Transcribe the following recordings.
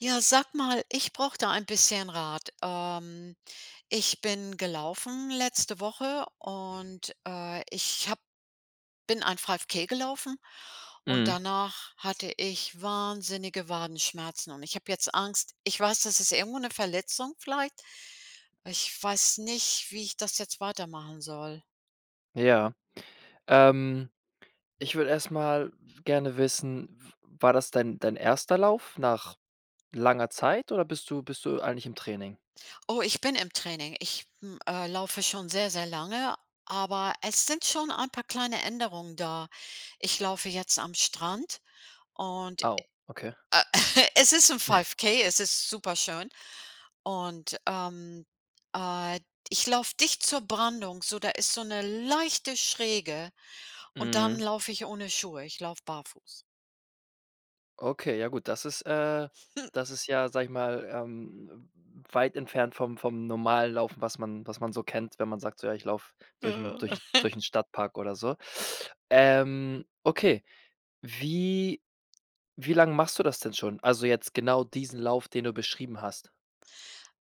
Ja, sage mal, ich brauche da ein bisschen Rat. Ähm, ich bin gelaufen letzte Woche und, äh, ich habe bin ein 5K gelaufen. Und Mhm. danach hatte ich wahnsinnige Wadenschmerzen und ich habe jetzt Angst ich weiß, das ist irgendwo 'ne Verletzung vielleicht. Ich weiß nicht, wie ich das jetzt weitermachen soll. Ja, ähm, ich würde erst mal gerne wissen, w war das dein dein erster Lauf nach langer Zeit oder bist du bist du eigentlich im Training? Oh, ich bin im Training. Ich, hm, äh, laufe schon sehr, sehr lange, aber es sind schon ein paar kleine Änderungen da. Ich laufe jetzt am Strand und, Au, okay. äh, es ist 'n 5K, es ist superschön. Und, ähm, äh, ich laufe dicht zur Brandung, so da ist so 'ne leichte Schräge und dann Mhm. laufe ich ohne Schuhe. Ich laufe barfuß. Okay, ja gut. Das ist, äh das ist ja, sage ich mal, ähm, weit entfernt vom vom normalen Laufen, was man was man so kennt, wenn man sagt: „So, ja, ich laufe durch 'n Ja. durch durch 'n Stadtpark oder so.” Ähm, okay, wie wie lange machst du das denn schon? Also, jetzt genau diesen Lauf, den du beschrieben hast?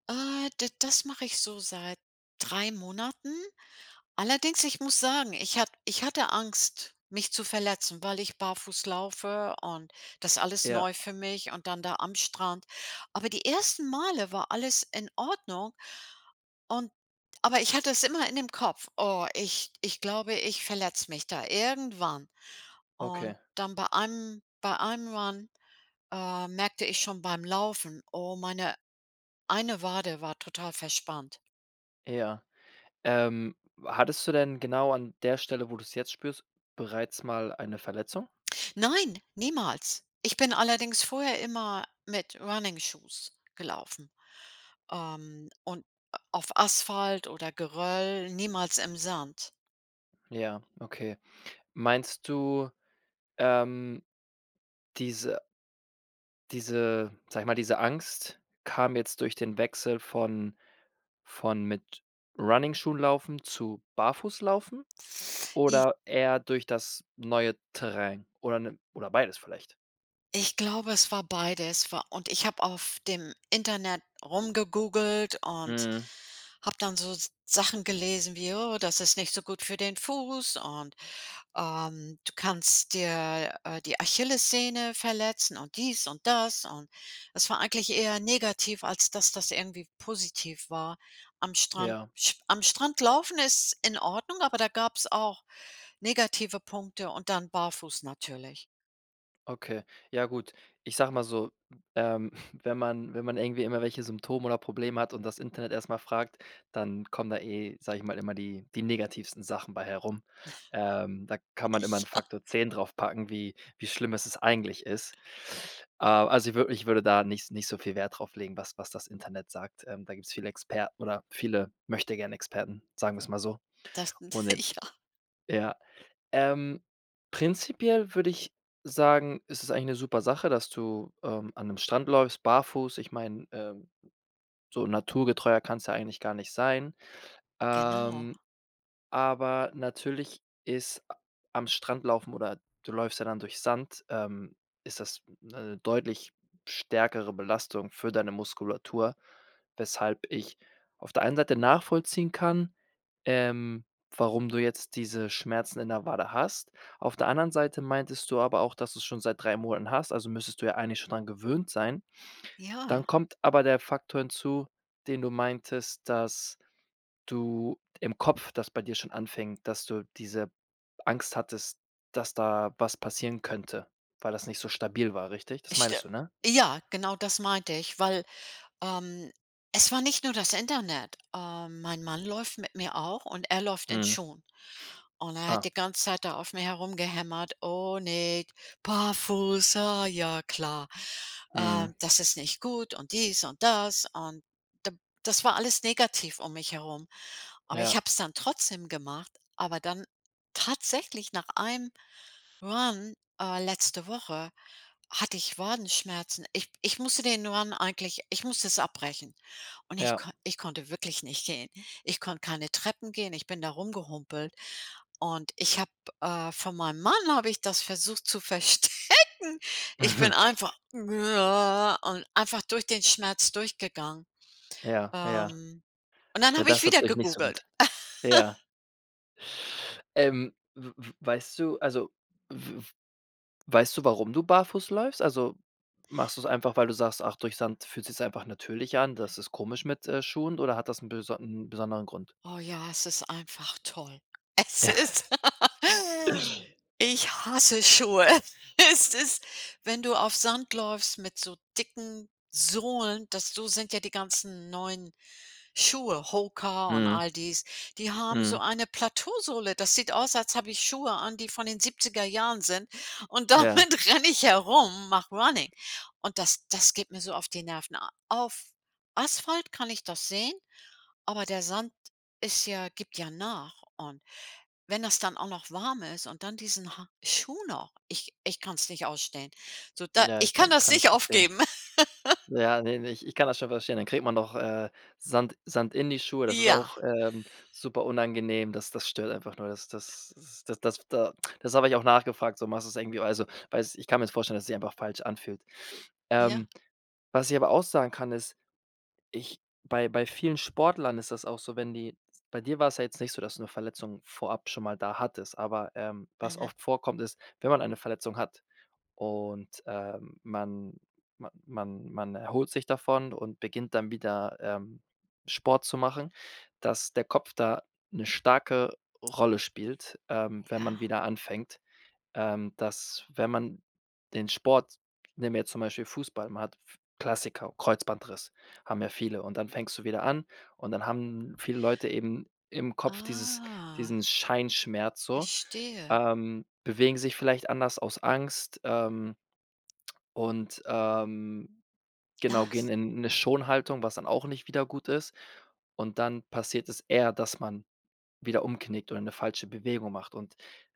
Äh, d das mache ich so seit 3 Monaten. Allerdings, ich muss sagen, ich ha ich hatte Angst, mich zu verletzen, weil ich barfuß laufe und das ist alles Ja. neu für mich und dann da am Strand. Aber die ersten Male war alles in Ordnung, und aber ich hatte es immer in dem Kopf: „Oh, ich ich glaube, ich verletze mich da irgendwann.” Okay. Und dann bei einem bei einem Run, äh, merkte ich schon beim Laufen, oh, meine eine Wade war total verspannt. Ja. Ähm, hattest du denn genau an der Stelle, wo du's jetzt spürst, bereits mal eine Verletzung? Nein, niemals. Ich bin allerdings vorher immer mit Running Shoes gelaufen, ähm, und auf Asphalt oder Geröll niemals im Sand. Ja, okay. Meinst du, ähm, diese diese sage ich mal, diese Angst kam jetzt durch den Wechsel von von mit Runningschuhen-laufen zu Barfußlaufen? I Oder eher durch das neue Terrain oder, ne, oder beides vielleicht? Ich glaube, es war beides wa und ich habe auf dem Internet rumgegoogelt und Mhm. habe dann so Sachen gelesen wie: „Oh, das ist nicht so gut für den Fuß und, ähm, du kannst dir, äh, die Achillessehne verletzen und dies und das” und das war eigentlich eher negativ, als dass das irgendwie positiv war. Am Strand Ja. sch am Strand laufen ist in Ordnung, aber da gab's auch negative Punkte und dann barfuß natürlich. Okay. Ja gut, ich sage mal so, ähm, wenn man wenn man irgendwie immer welche Symptome oder Probleme hat und das Internet erst mal fragt, dann kommen da eh, sage ich mal, immer die die negativsten Sachen bei herum. Ähm, da kann man immer 'n Ja. Faktor 10 draufpacken, wie wie schlimm ist es eigentlich ist. Äh, also, ich würde ich würde da nicht nicht so viel Wert drauf legen, was was das Internet sagt. Ähm, da gibt's viele Experten oder viele Möchtegern-Experten, sagen wir's mal so. Das Und el Ja. ja. Ähm, prinzipiell würde ich sagen, ist es eigentlich 'ne super Sache, dass du, ähm, an 'nem Strand läufst, barfuß. Ich meine, ähm, so naturgetreuer kann's ja eigentlich gar nicht sein. Genau. Ähm, aber natürlich ist a am Strand laufen oder du läufst ja dann durch Sand, ähm, ist das 'ne deutlich stärkere Belastung für deine Muskulatur, weshalb ich auf der einen Seite nachvollziehen kann, ähm, warum du jetzt diese Schmerzen in der Wade hast. Auf der anderen Seite meintest du aber auch, dass du's schon seit 3 Monaten hast, also müsstest du ja eigentlich schon dran gewöhnt sein. Dann Ja. kommt aber der Faktor hinzu, den du meintest, dass du im Kopf das bei dir schon anfängt, dass du diese Angst hattest, dass da was passieren könnte, weil das nicht so stabil war, richtig? Das St meintest du, ne? ja, genau das meinte ich, weil, ähm, es war nicht nur das Internet. Ähm, mein Mann läuft mit mir auch und er läuft in Mhm. Schuhen. Und er hat Ah. die ganze Zeit da auf mir herumgehämmert: „Oh ne, barfuß, ah, ja klar. Äh, Mhm. das ist nicht gut und dies und das” und d das war alles negativ um mich herum. Aber ich Ja. habe es dann trotzdem gemacht, aber dann tatsächlich nach einem Run, äh, letzte Woche hatte ich Wadenschmerzen. Ich ich musste den Run eigentlich ich musste es abbrechen. Und ich Ja. konn ich konnte wirklich nicht gehen. Ich konnte keine Treppen gehen, ich bin da rumgehumpelt und ich habe, äh, von meinem Mann habe ich das versucht zu verstecken. Ich bin Mhm. einfach und einfach durch den Schmerz durchgegangen. Ja, ja. Ähm, und dann Ja, habe ich das hat wieder euch nicht so gegoogelt. gut. Ja. Ähm, w-w-weißt du also, w w weißt du, warum du barfuß läufst? Also machst du's einfach, weil du sagst: „Ach, durch Sand fühlt sich's einfach natürlich an. Das ist komisch mit, äh, Schuhen.” oder hat das 'n beson 'n besonderen Grund? Oh, ja, es ist einfach toll. Es ist ich hasse Schuhe. Es ist wenn du auf Sand läufst mit so dicken Sohlen, das so sind ja die ganzen neuen Schuhe, HOKA und Mhm. all dies. Die haben Mhm. so eine Plateausohle. Das sieht aus, als habe ich Schuhe an, die von den 70er Jahren sind. Und Ja. damit renne ich herum, mache runnning. Und das das geht mir so auf die Nerven. Auf Asphalt kann ich das sehen, aber der Sand ist ja gibt ja nach und wenn das dann auch noch warm ist und dann diesen ha Schuh noch, ich ich kann's nicht ausstehen. So da Ja, ich ich kann kann das kann ich nicht verstehen. aufgeben. Ja, ne, ne, ich kann das schon verstehen, dann kriegt man doch, äh, Sand Sand in die Schuhe. Das ist Ja. auch, ähm, super unangenehm. Das das stört einfach nur. Das das das das das da das habe ich auch nachgefragt. So machst du's irgendwie also, weiß ich kann mir's jetzt vorstellen, dass es sich einfach falsch anfühlt. Ja. Ähm, was ich aber auch sagen kann, ist, ich bei bei vielen Sportlern ist das auch so, wenn die bei dir war's ja jetzt nicht so, dass du 'ne Verletzung vorab schon mal da hattest. Aber, ähm, was Mhm. oft vorkommt, ist, wenn man eine Verletzung hat und, ähm, man man man man erholt sich davon und beginnt dann wieder, ähm, Sport zu machen, dass der Kopf da 'ne starke Rolle spielt, ähm, wenn man Ja. wieder anfängt. Ähm, dass, wenn man den Sport nehmen wir jetzt zum Beispiel Fußball, man hat f Klassiker, Kreuzbandriss haben ja viele. Und dann fängst du wieder an und dann haben viele Leute eben im Kopf dieses Ah. diesen Scheinschmerz so. Verstehe. Ähm, bewegen sich vielleicht anders aus Angst, ähm, und, ähm, genau, gehen Das in 'ne Schonhaltung, was dann auch nicht wieder gut ist. Und dann passiert es eher, dass man wieder umknickt oder 'ne falsche Bewegung macht. Und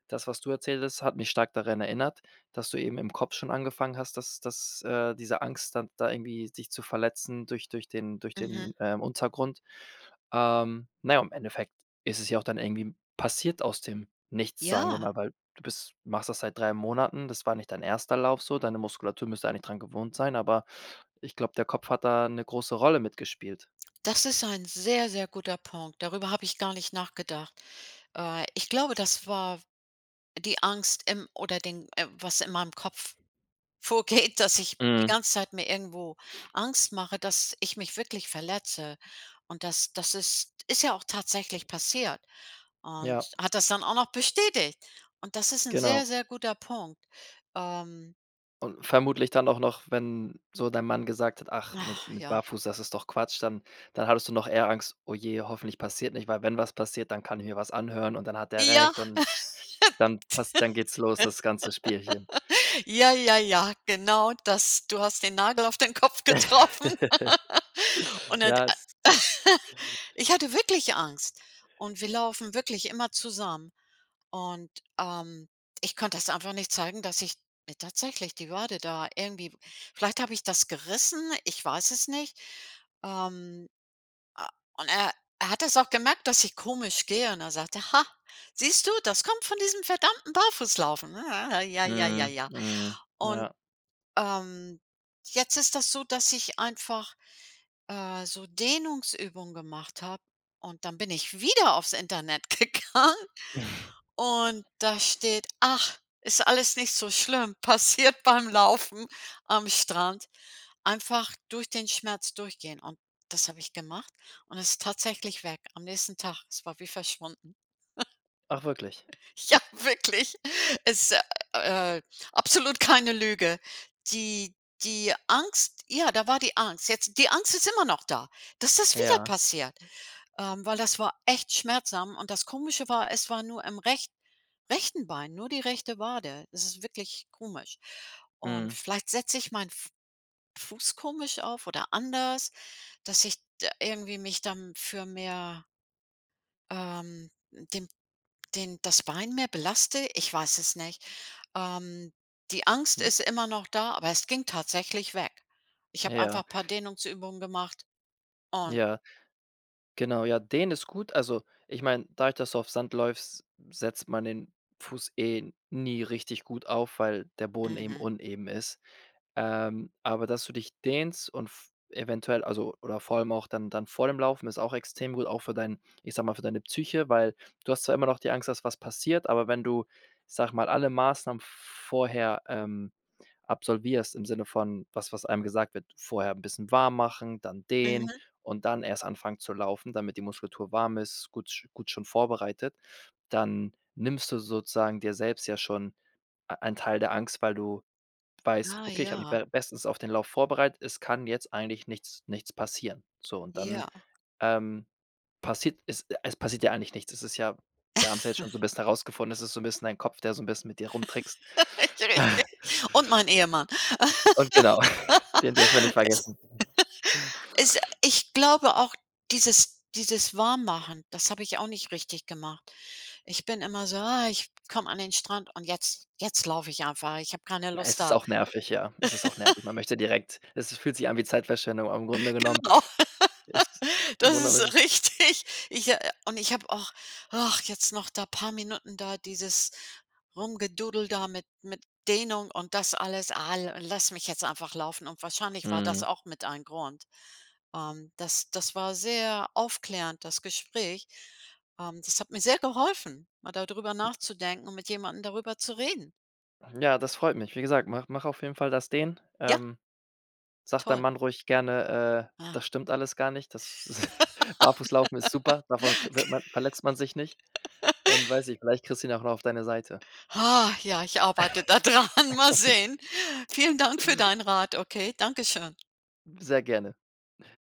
das, was du erzählt hast, hat mich stark daran erinnert, dass du eben im Kopf schon angefangen hast, dass dass, äh, diese Angst dann da irgendwie sich zu verletzen durch durch den durch Mhm. den, ähm, Untergrund. Ähm, na ja, im Endeffekt ist es ja auch dann irgendwie passiert, aus dem Nichts, sagen wir Ja. mal, weil du bist machst das seit 3 Monaten. Das war nicht dein 1. Lauf so, deine Muskulatur müsste eigentlich dran gewohnt sein, aber ich glaube, der Kopf hat da 'ne große Rolle mitgespielt. Das ist ein sehr, sehr guter Punkt. Darüber habe ich gar nicht nachgedacht. Äh, ich glaube, das war die Angst im oder den was in meinem Kopf vorgeht, dass ich die Mhm. ganze Zeit mir irgendwo Angst mache, dass ich mich wirklich verletze. Und das das ist ist ja auch tatsächlich passiert. Und Ja. hat das dann auch noch bestätigt. Und das ist 'n Genau. sehr, sehr guter Punkt. Ähm. Und vermutlich dann auch noch, wenn so dein Mann gesagt hat: „Ach, mit Ach, mit ja. Barfuß, das ist doch Quatsch“, dann dann hattest du noch eher Angst: „Oh je, hoffentlich passiert nicht.” Weil wenn was passiert, dann kann ich mir was anhören und dann hat er Ja. recht und dann passt dann geht's los, das ganze Spielchen. Ja, ja, ja, genau das, du hast den Nagel auf den Kopf getroffen. Und et Ja äh, es ich hatte wirklich Angst. Und wir laufen wirklich immer zusammen. Und, ähm, ich konnte das einfach nicht zeigen, dass ich mir tatsächlich die Wade da irgendwie vielleicht habe ich das gerissen, ich weiß es nicht. Ähm, äh, und er er hat es auch gemerkt, dass ich komisch gehe, und dann sagt er: „Ha, siehst du, das kommt von diesem verdammten Barfußlaufen, ne?“ Ja, ja, ja, Mhm, ja. mhm, Und, ja. ähm, jetzt ist das so, dass ich einfach, äh, so Dehnungsübungen gemacht habe und dann bin ich wieder auf's Internet gegangen und da steht: „Ach, ist alles nicht so schlimm, passiert beim Laufen am Strand, einfach durch den Schmerz durchgehen.“ Und das habe ich gemacht und es ist tatsächlich weg am nächsten Tag. Es war wie verschwunden. Ach, wirklich? Ja, wirklich. Es ist, äh, absolut keine Lüge. Die die Angst ja, da war die Angst. Jetzt die Angst ist immer noch da, dass das wieder Ja. passiert. Ähm, weil das war echt schmerzhaft und das Komische war, es war nur im recht rechten Bein, nur die rechte Wade. Es ist wirklich komisch. Und Mhm. vielleicht setze ich meinen F Fuß komisch auf oder anders, dass ich d irgendwie mich dann für mehr ähm, den den das Bein mehr belaste. Ich weiß es nicht. Ähm, die Angst Hm. ist immer noch da, aber es ging tatsächlich weg. Ich habe Ja. einfach paar Dehnungsübungen gemacht und Ja. Genau, ja, dehnen ist gut. Also, ich meine, dadurch, dass du auf Sand läufst, setzt man den Fuß eh nie richtig gut auf, weil der Boden eben Mhm. uneben ist. Ähm, aber dass du dich dehnst und v eventuell also oder vor allem auch dann dann vor dem Laufen ist auch extrem gut, auch für dein ich sage mal, für deine Psyche, weil du hast zwar immer noch die Angst, dass was passiert, aber wenn du, ich sage mal, alle Maßnahmen vorher, ähm, absolvierst im Sinne von was, was einem gesagt wird, vorher 'n bisschen warm machen, dann dehnen Mhm. und dann erst anfangen zu laufen, damit die Muskulatur warm ist, gut gut schon vorbereitet. Dann nimmst du sozusagen dir selbst ja schon ei einen Teil der Angst, weil du weißt: Ah, „Okay, ich habe mich ja. be bestens auf den Lauf vorbereitet. Es kann jetzt eigentlich nichts nichts passieren.” So und dann, Ja. ähm, passiert es es passiert ja eigentlich nichts. Es ist ja wir haben's ja jetzt schon so 'n bisschen herausgefunden, es ist so 'n bisschen dein Kopf, der so 'n bisschen mit dir rumtrickst. Richtig! Und mein Ehemann. Und genau, den dürfen wir nicht vergessen. Es ich glaube auch, dieses dieses Warmmachen, das habe ich auch nicht richtig gemacht. Ich bin immer so: „Ah, ich komme an den Strand und jetzt jetzt laufe ich einfach. Ich habe keine Lust Es ist da auch nervig, ja. Es ist auch nervig. Man möchte direkt es es fühlt sich an wie Zeitverschwendung, aber im Grunde genommen Genau. ist im Das Grunde ist es ist richtig. Ich, äh und ich habe auch, ach, jetzt noch da paar Minuten da dieses Rumgedoodle da mit mit Dehnung und das alles al lass mich jetzt einfach laufen und wahrscheinlich war das Mhm. auch mit ein Grund. Ähm, das das war sehr aufklärend, das Gespräch. Ähm, das hat mir sehr geholfen, mal da drüber nachzudenken und mit jemanden darüber zu reden. Ja, das freut mich. Wie gesagt, mache mache auf jeden Fall das Dehnen, Ja. ähm. Sage deinem Toll. Mann ruhig gerne: „Äh, Ah. das stimmt alles gar nicht. Das Barfußlaufen ist super, davon kr wird man verletzt man sich nicht.” Und weiß nicht, vielleicht kriegst du ihn auch noch auf deine Seite. Ah, ja, ich arbeite da dran, mal sehen. Vielen Dank für deinen Rat, okay, danke schön. Sehr gerne.